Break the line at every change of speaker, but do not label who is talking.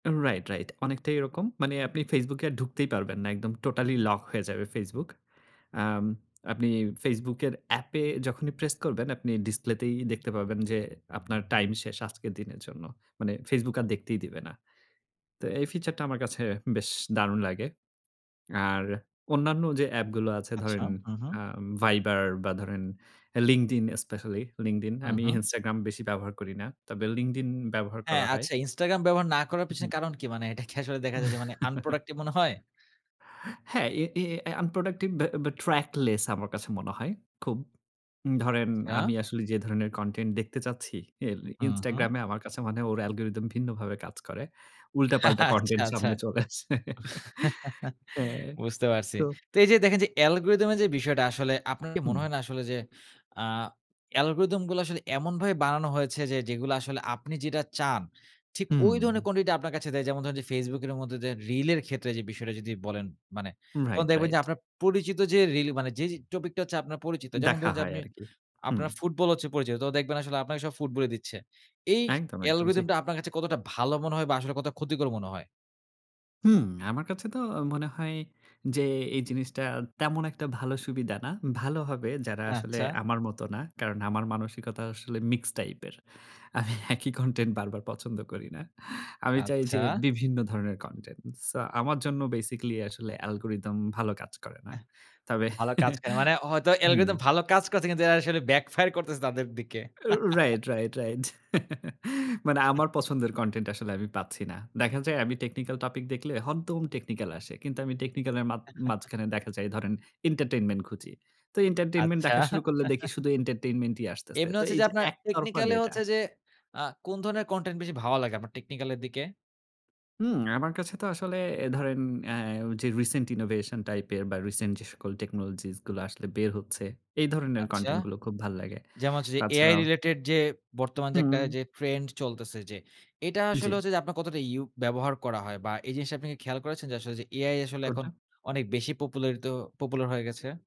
Right, right অনেকটাই এরকম। মানে আপনি ফেসবুকে আর ঢুকতেই পারবেন না। একদম টোটালি লক হয়ে যাবে ফেসবুক। আম আপনি ফেসবুকের অ্যাপে যখনই প্রেস করবেন আপনি ডিসপ্লেতেই দেখতে পাবেন যে আপনার টাইম শেষ আজকের দিনের জন্য। মানে ফেসবুক আর দেখতেই দিবে না। তো এই ফিচার টা আমার কাছে বেশ দারুণ লাগে! আর অন্যান্য যে অ্যাপগুলো আছে
আচ্ছা।
ধরেন,
হুম,
আ
হুম।
ভাইবার বা ধরেন লিঙ্কডিন স্পেশালি লিঙ্কডিন।
হুম,
আমি
হুম।
ইনস্টাগ্রাম বেশি ব্যবহার করি না। তবে লিঙ্কডিন ব্যবহার
হ্যাঁ,
করা হয়।
আচ্ছা ইনস্টাগ্রাম ব্যবহার না করার পিছনে
উহু।
কারণ কি? মানে এটা কি আসলে দেখা যায় যে Unproductive মনে হয়?
হ্যাঁ, এ, এ, এ Unproductive বা, বা Trackless আমার কাছে মনে হয়, খুব। ধরেন
ইয়া।
আমি আসলে যে ধরনের Content দেখতে চাচ্ছি, [unintelligible]
হুম, হুম।
ইনস্টাগ্রামে আমার কাছে মনে হয় ওর অ্যালগরিথম ভিন্নভাবে কাজ করে।
হ্যাঁ,
উল্টাপাল্টা
হ্যাঁ, আচ্ছা,
Content
আচ্ছা।
সামনে চলে আসে। হ্যাঁ,
বুঝতে পারছি।
তো
তো এই যে দেখেন যে অ্যালগরিথম এর যে বিষয়টা আসলে, আপনার কি মনে
হুম।
হয় না? আসলে যে আ অ্যালগরিথম গুলা আসলে এমনভাবে বানানো হয়েছে যে যেগুলা আসলে আপনি যেটা চান, ঠিক ওই
হুম।
ধরনের quantity টা আপনার কাছে দেয়। যেমন ধরেন যে ফেসবুকের মধ্যে দে রিল এর ক্ষেত্রে যে বিষয়টা যদি বলেন, মানে তখন
রাইট,
দেখবেন যে
রাইট।
আপনার পরিচিত যে রিল মানে যে, যে টপিক টা হচ্ছে আপনার পরিচিত। যেমন
দেখা
ধরুন যে
হয়
আপনি
আরকি। হুম।
আপনার ফুটবল হচ্ছে পরিচিত, তো দেখবেন আসলে আপনাকে সব ফুটবলই দিচ্ছে। এই
একদম, একদম জ্বি।
অ্যালগরিথম টা আপনার কাছে কতটা ভালো মনে হয় বা আসলে কতটা ক্ষতিকর মনে হয়?
হুম, আমার কাছে তো অ মনে হয় যে, এই জিনিসটা তেমন ১ টা ভালো সুবিধা না। ভালো হবে যারা আসলে
আচ্ছা।
আমার মত না। কারণ আমার মানসিকতা আসলে মিক্সড টাইপের। আমি একই কনটেন্ট বারবার পছন্দ করি না। আমি চাই
আচ্ছা।
যে বিভিন্ন ধরণের কনটেন্ট। সো আমার জন্য basically আসলে অ্যালগরিথম ভালো কাজ করে না।
এহ,
তবে
ভালো কাজ করে। মানে হয়তো
হুম।
অ্যালগরিদম ভালো কাজ করেছে কিন্তু আসলে ব্যাক ফায়ার করতেছে তাদের দিকে।
রা রাইট, রাইট, রাইট। মানে
হেহ।
আমার পছন্দের কনটেন্ট আসলে আমি পাচ্ছি না। দেখা যায় আমি Technical Topic দেখলে হরদম technical আসে। কিন্তু আমি টেকনিক্যাল এর মাত মাঝখানে দেখা যায় ধরেন Entertainment খুঁজি। তো Entertainment
আচ্ছা।
দেখা শুরু করলে দেখি শুধু Entertainment ই আসতেসে।
এমনি
তো
হচ্ছে
এই
যে
যে
আপনার
একতরফা
টেকনিক্যালি
ডেটা।
হচ্ছে যে আ কোন ধরনের কনটেন্ট বেশি ভালো লাগে আপনার টেকনিক্যাল এর দিকে?
হুম, আমার কাছে তো আসলে অ্যা ধরেন অ্যা যে রিসেন্ট innovation টাইপের বা রিসেন্ট যে সকল Technologies গুলা আসলে বের হচ্ছে, এই ধরনের
আচ্ছা।
কনটেন্ট গুলো খুব ভাল্লাগে।
যেমন হচ্ছে যে AI
তাছাড়াও
রিলেটেড যে বর্তমান যে একটা
হুম।
যে trend চলতেছে যে, এটা আসলে
জ্বী।
হচ্ছে যে আপনার কতটা ইউ ব্যবহার করা হয় বা এই জিনিসটা আপনি কি খেয়াল করেছেন? যে আসলে এআই আসলে এখন
কোনটা?
অনেক বেশি পপুলারিত popular হয়ে গেছে?